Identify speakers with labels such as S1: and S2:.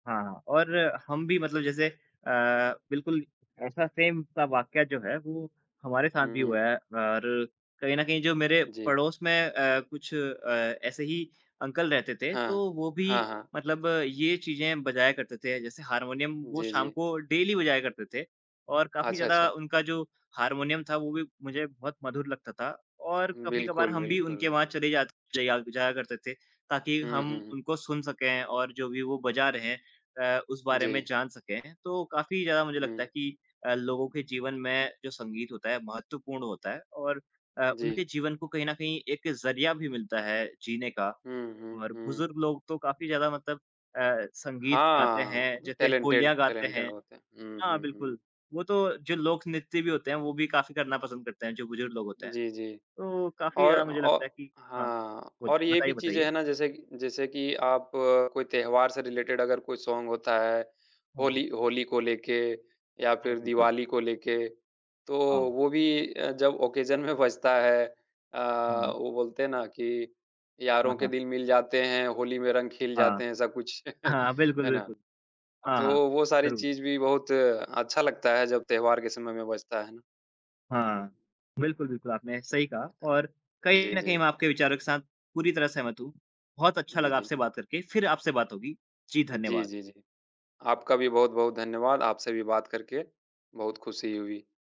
S1: हाँ, और हम भी मतलब जैसे अ, बिल्कुल ऐसा सेम सा वाकया जो है वो हमारे साथ भी हुआ
S2: हुँ।
S1: है और कहीं न कहीं जो मेरे
S2: जी।
S1: पड़ोस में अ, कुछ अ, ऐसे ही अंकल रहते थे,
S2: हाँ।
S1: तो वो भी
S2: हाँ, हाँ।
S1: मतलब ये चीज़े बजाया करते थे, जैसे हारमोनियम वो
S2: जी,
S1: शाम
S2: जी।
S1: को डेली बजाया करते थे। और काफ़ी
S2: अच्छा,
S1: ज़्यादा
S2: अच्छा।
S1: उनका जो हार्मोनियम था वो भी मुझे बहुत मधुर लगता था और
S2: हुँ।
S1: कभी-कभार
S2: बिल्कुल,
S1: हम भी
S2: बिल्कुल।
S1: उनके वहाँ चले जात जया जाया करते थे ताकि
S2: हुँ,
S1: हम
S2: हुँ, हुँ।
S1: उनको सुन सकें और जो भी वो बजा रहे हैं अ, उस बारे में
S2: जी।
S1: जान सकें। तो काफ़ी ज़्यादा मुझे लगता है
S2: हुँ।
S1: कि अ, लोगों के जीवन में जो संगीत होता है महत्वपूर्ण होता है और अ, उनके
S2: जी।
S1: जीवन को कहीं न कहीं एक ज़रिया भी मिलता है जीने का
S2: हुँ, हुँ,
S1: और
S2: हुँ।
S1: बुजुर्ग लोग तो काफ़ी ज़्यादा मतलब अ, संगीत गाते हैं,
S2: हाँ,
S1: जैसे
S2: टैलेंटेड
S1: होलिया गाते
S2: टैलेंटेड
S1: हैं।
S2: होते हैं। हुँ,
S1: हाँ,
S2: हुँ, हुँ।
S1: बिल्कुल। वो तो जो लोक नृत्य भी होते हैं वो भी काफ़ी करना पसंद करते हैं, जो बुजुर्ग लोग होते हैं।
S2: जी, जी।
S1: तो काफ़ी
S2: और
S1: ज़्यादा मुझे
S2: औ
S1: लगता है कि हाँ,
S2: हाँ,
S1: होत
S2: और ये
S1: बताइए,
S2: भी चीज़ें
S1: बताइए।
S2: हैं ना, जैसे कि जैसे कि आप कोई त्योहार से रिलेटेड अगर कोई सॉन्ग होता है,
S1: हाँ।
S2: होली होली को लेके या
S1: हाँ,
S2: फिर
S1: बिल्कुल।
S2: दिवाली को लेके, तो
S1: हाँ।
S2: वो भी अ, जब ओकेशन में बजता है, अ,
S1: हाँ।
S2: वो बोलते हैं ना कि
S1: हाँ,
S2: यारों के
S1: हाँ।
S2: दिल मिल जाते हैं, होली में रंग ख़िल
S1: हाँ।
S2: जाते हैं। ऐसा कुछ
S1: हाँ बिल्कुल,
S2: हैं ना?
S1: बिल्कुल। हाँ, हाँ,
S2: तो वो सारी
S1: ज़रूर।
S2: चीज़ भी बहुत अच्छा लगता है जब त्योहार के समय में बजता, हैं ना? हुँ।
S1: हाँ। बिल्कुल, बिल्कुल आपने सही कहा और कहीं
S2: जी,
S1: न कहीं
S2: जी।
S1: मैं आपके विचारों के साथ पूरी तरह सहमत हूँ। बहुत अच्छा
S2: जी,
S1: लगा
S2: जी।
S1: आपसे बात करके, फिर आपसे बात होगी, जी
S2: जी,
S1: धन्यवाद।
S2: जी, जी। आपका भी बहुत-बहुत धन्यवाद, आपसे भी बात करके बहुत खुशी हुई।